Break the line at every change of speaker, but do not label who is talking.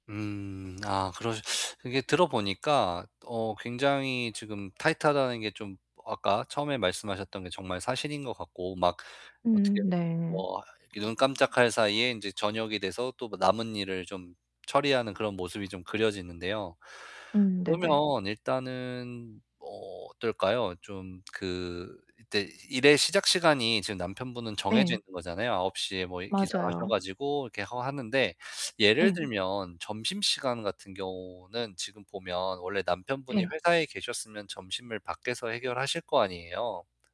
음. 아, 그러시 이게 들어 보니까 어 굉장히 지금 타이트하다는 게 좀 어 아까 처음에 말씀하셨던 게 정말 사실인 것 같고, 막 어떻게
음 네.
뭐 이 눈 깜짝할 사이에 인제 저녁이 돼서 또 그 남은 일을 좀 처리하는 그런 모습이 좀 그려지는데요.
음 네네.
그러면 일단은 뭐 어떨까요? 좀 그 그때 일의 시작 시간이 지금 남편분은 정해져
네.
있는 거잖아요. 9:00 에 뭐 이렇게 기상하셔
맞아요.
가지고 이렇게 하 하는데 예를
예.
들면 점심시간 같은 경우는 지금 보면 원래 남편분이
예.
회사에 계셨으면 점심을 밖에서 해결하실 거 아니에요.